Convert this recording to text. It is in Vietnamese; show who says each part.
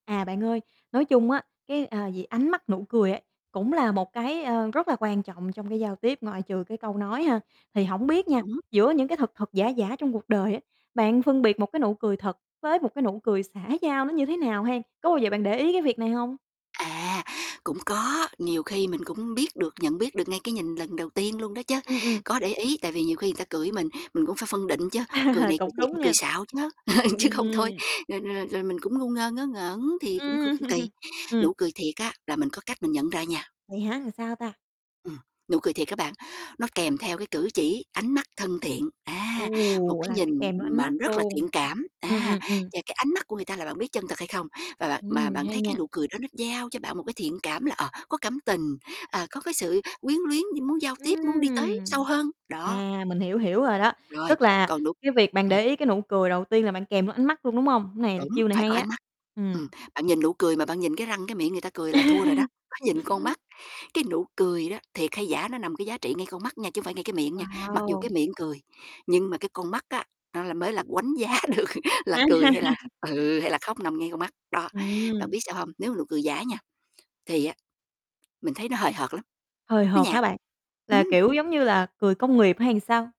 Speaker 1: À, bạn ơi, nói chung á cái, à, gì ánh mắt, nụ cười ấy cũng là một cái, ơ, rất là quan trọng trong cái giao tiếp, ngoại trừ cái câu nói ha. Thì hổng biết nha,
Speaker 2: Đúng.
Speaker 1: giữa những cái thật thật giả giả trong cuộc đời á bạn phân biệt một cái nụ cười thật với một cái nụ cười xã giao nó như thế nào hen, có bao giờ bạn để ý cái việc này hông?
Speaker 2: À, cũng có. Nhiều khi mình cũng biết được, nhận biết được ngay cái nhìn lần đầu tiên luôn đó chứ,
Speaker 1: Ừm, ừm.
Speaker 2: có để ý. Tại vì nhiều khi người ta cười với mình mình cũng phải phân định chứ, cười này cười
Speaker 1: Cũng
Speaker 2: thiệt
Speaker 1: đúng
Speaker 2: hay cười
Speaker 1: nha.
Speaker 2: xạo chứ, chứ
Speaker 1: Ừm.
Speaker 2: không thôi, rồi rồi rồi rồi rồi mình cũng ngu ngơ, ngớ ngẩn thì cũng cũng
Speaker 1: Ừm,
Speaker 2: cũng kỳ.
Speaker 1: ừm.
Speaker 2: Nụ cười thiệt á là mình có cách mình nhận ra nha.
Speaker 1: Vậy hả, làm sao ta?
Speaker 2: Ừm, nụ cười thiệt á bạn, nó kèm theo cái cử chỉ, ánh mắt thân thiện,
Speaker 1: Ừ,
Speaker 2: a, một cái
Speaker 1: là
Speaker 2: nhìn
Speaker 1: phải kèm theo ánh
Speaker 2: mà
Speaker 1: mắt
Speaker 2: rất là
Speaker 1: luôn.
Speaker 2: thiện cảm,
Speaker 1: Ừm,
Speaker 2: a,
Speaker 1: ừm, ừm.
Speaker 2: và cái ánh mắt của người ta là bạn biết chân thật hay không. Và bạn mà
Speaker 1: Ừm,
Speaker 2: bạn
Speaker 1: hay
Speaker 2: thấy cái
Speaker 1: nha.
Speaker 2: nụ cười đó nó gieo cho bạn một cái thiện cảm là, ờ, có cảm tình, à, có cái sự quyến luyến d muốn giao tiếp, muốn đi tới sâu
Speaker 1: Ừm!
Speaker 2: hơn, đó.
Speaker 1: À, mình hiểu hiểu rồi đó.
Speaker 2: Rồi,
Speaker 1: Tức là
Speaker 2: còn nụ
Speaker 1: cái việc bạn
Speaker 2: ừm.
Speaker 1: để ý cái nụ cười đầu tiên là bạn kèm theo ánh mắt luôn, đúng hông? Cái này là
Speaker 2: Đúng,
Speaker 1: chiêu này
Speaker 2: phải
Speaker 1: hay
Speaker 2: có
Speaker 1: á,
Speaker 2: ánh mắt.
Speaker 1: ừm.
Speaker 2: Ừm, bạn nhìn nụ cười mà bạn nhìn cái răng cái miệng người ta cười là thua rồi đó, phải nhìn con mắt. Cái nụ cười đó, thiệt hay giả nó nằm cái giá trị ngay con mắt nha, chứ hông phải ngay cái miệng nha. Mặc dù
Speaker 1: Wow.
Speaker 2: cái miệng cười, nhưng mà cái con mắt á nó là mới là đánh giá được là cười hay là ừ, hay là khóc, nằm ngay con mắt. Đó, bạn
Speaker 1: Ừm.
Speaker 2: biết sao hông, nếu mà nụ cười giả nha, thì á mình thấy nó hời hợt lắm,
Speaker 1: Hời
Speaker 2: nó
Speaker 1: hợt hả
Speaker 2: nhạt,
Speaker 1: bạn? Là,
Speaker 2: ừm.
Speaker 1: kiểu, giống như là cười công nghiệp hay làm sao?